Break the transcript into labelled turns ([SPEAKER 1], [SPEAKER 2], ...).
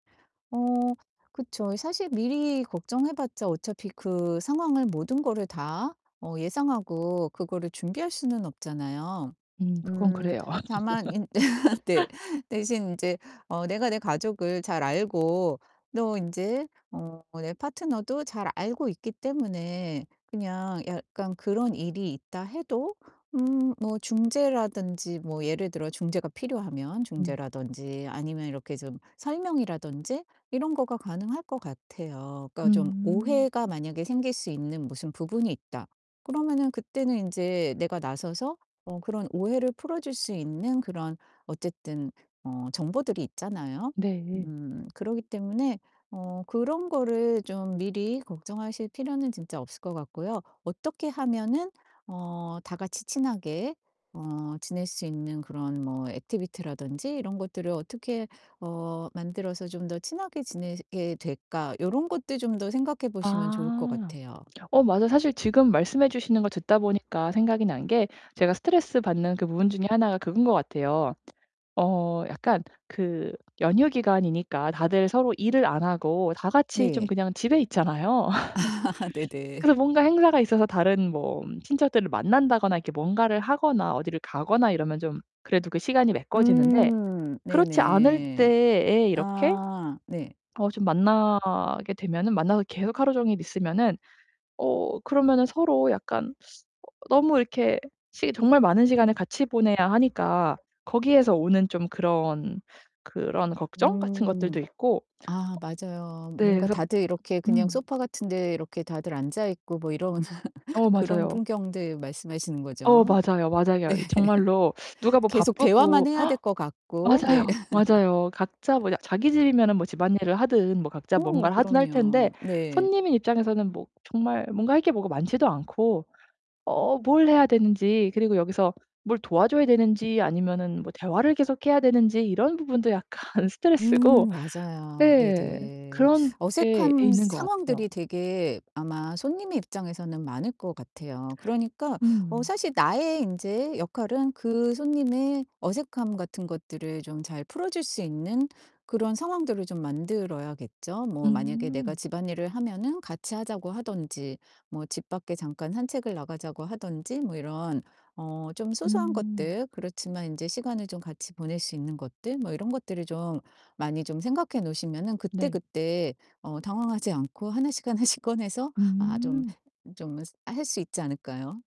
[SPEAKER 1] 어 그쵸. 이 사실 미리 걱정해 봤자 어차피 그 상황을 모든 거를 다 어 예상하고 그거를 준비할 수는 없잖아요.
[SPEAKER 2] 음 그건
[SPEAKER 1] 음
[SPEAKER 2] 그래요.
[SPEAKER 1] 다만 인 네. 대신 인제 어 내가 내 가족을 잘 알고 또 인제 어 내 파트너도 잘 알고 있기 때문에 그냥 약간 그런 일이 있다 해도 음 뭐 중재라든지 뭐 예를 들어 중재가 필요하면
[SPEAKER 2] 음.
[SPEAKER 1] 중재라든지 아니면 이렇게 좀 설명이라든지 이런 거가 가능할 것 같아요. 그러니까 좀
[SPEAKER 2] 음.
[SPEAKER 1] 오해가 만약에 생길 수 있는 무슨 부분이 있다. 그러면은 그때는 인제 내가 나서서 어 그런 오해를 풀어줄 수 있는 그런 어쨌든 어 정보들이 있잖아요.
[SPEAKER 2] 네.
[SPEAKER 1] 음 그러기 때문에 어 그런 거를 좀 미리 걱정하실 필요는 진짜 없을 것 같고요. 어떻게 하면은 어 다 같이 친하게 어 지낼 수 있는 그런 뭐 액티비티라든지 이런 것들을 어떻게 어 만들어서 좀 더 친하게 지내시게 될까? 요런 것들 좀 더 생각해 보시면 좋을 것
[SPEAKER 2] 아
[SPEAKER 1] 같아요.
[SPEAKER 2] 어 맞아. 사실 지금 말씀해 주시는 거 듣다 보니까 생각이 난 게 제가 스트레스 받는 그 부분 중에 하나가 그건 것 같아요. 어 약간 그 연휴기간이니까 다들 서로 일을 안 하고 다 같이 좀
[SPEAKER 1] 네.
[SPEAKER 2] 그냥 집에 있잖아요.
[SPEAKER 1] 네네.
[SPEAKER 2] 그래서 뭔가 행사가 있어서 다른 뭐 친척들을 만난다거나 이렇게 뭔가를 하거나 어디를 가거나 이러면 좀 그래도 그 시간이 메꿔지는데
[SPEAKER 1] 음
[SPEAKER 2] 그렇지 않을
[SPEAKER 1] 네네.
[SPEAKER 2] 때에 이렇게
[SPEAKER 1] 아 네.
[SPEAKER 2] 어 좀 만나게 되면은 만나서 계속 하루종일 있으면은 어 그러면은 서로 약간 어 너무 이렇게 시기 정말 많은 시간을 같이 보내야 하니까 거기에서 오는 좀 그런 그런 걱정 같은 것들도
[SPEAKER 1] 음.
[SPEAKER 2] 있고 어
[SPEAKER 1] 아 맞아요.
[SPEAKER 2] 네
[SPEAKER 1] 뭔가
[SPEAKER 2] 그래서
[SPEAKER 1] 다들 이렇게 그냥
[SPEAKER 2] 음.
[SPEAKER 1] 소파 같은 데 이렇게 다들 앉아 있고 뭐 이런
[SPEAKER 2] 어
[SPEAKER 1] 그런
[SPEAKER 2] 맞아요.
[SPEAKER 1] 풍경들 말씀하시는
[SPEAKER 2] 어
[SPEAKER 1] 거죠?
[SPEAKER 2] 맞아요, 맞아요. 이 정말로
[SPEAKER 1] 네.
[SPEAKER 2] 누가 뭐
[SPEAKER 1] 계속
[SPEAKER 2] 바쁘고
[SPEAKER 1] 대화만 해야 될 것 같고 네.
[SPEAKER 2] 맞아요, 맞아요. 각자 뭐 그냥 자기 집이면 뭐 집안일을 하든 뭐 각자
[SPEAKER 1] 어
[SPEAKER 2] 뭔가를 하든 할
[SPEAKER 1] 그럼요.
[SPEAKER 2] 텐데
[SPEAKER 1] 네.
[SPEAKER 2] 손님의 입장에서는 뭐 정말 뭔가 할 게 뭐가 많지도 않고 어 뭘 해야 되는지 그리고 여기서 뭘 도와줘야 되는지 아니면은 뭐 대화를 계속 해야 되는지 이런 부분도 약간 스트레스고
[SPEAKER 1] 음 맞아요.
[SPEAKER 2] 네.
[SPEAKER 1] 네네.
[SPEAKER 2] 그런 예 예
[SPEAKER 1] 어색한
[SPEAKER 2] 있는 것 같아요.
[SPEAKER 1] 상황들이 되게 아마 손님의 입장에서는 많을 것 같아요. 그러니까 어
[SPEAKER 2] 음.
[SPEAKER 1] 사실 나의 인제 역할은 그 손님의 어색함 같은 것들을 좀 잘 풀어 줄 수 있는 그런 상황들을 좀 만들어야겠죠. 뭐 만약에 내가
[SPEAKER 2] 음.
[SPEAKER 1] 집안일을 하면은 같이 하자고 하든지 뭐 집 밖에 잠깐 산책을 나가자고 하든지 뭐 이런 어 좀 소소한
[SPEAKER 2] 음.
[SPEAKER 1] 것들 그렇지만 인제 시간을 좀 같이 보낼 수 있는 것들 뭐 이런 것들을 좀 많이 좀 생각해 놓으시면은
[SPEAKER 2] 네.
[SPEAKER 1] 그때그때 어 당황하지 않고 하나씩 하나씩 꺼내서 아 좀
[SPEAKER 2] 음.
[SPEAKER 1] 좀 스 할 수 있지 않을까요?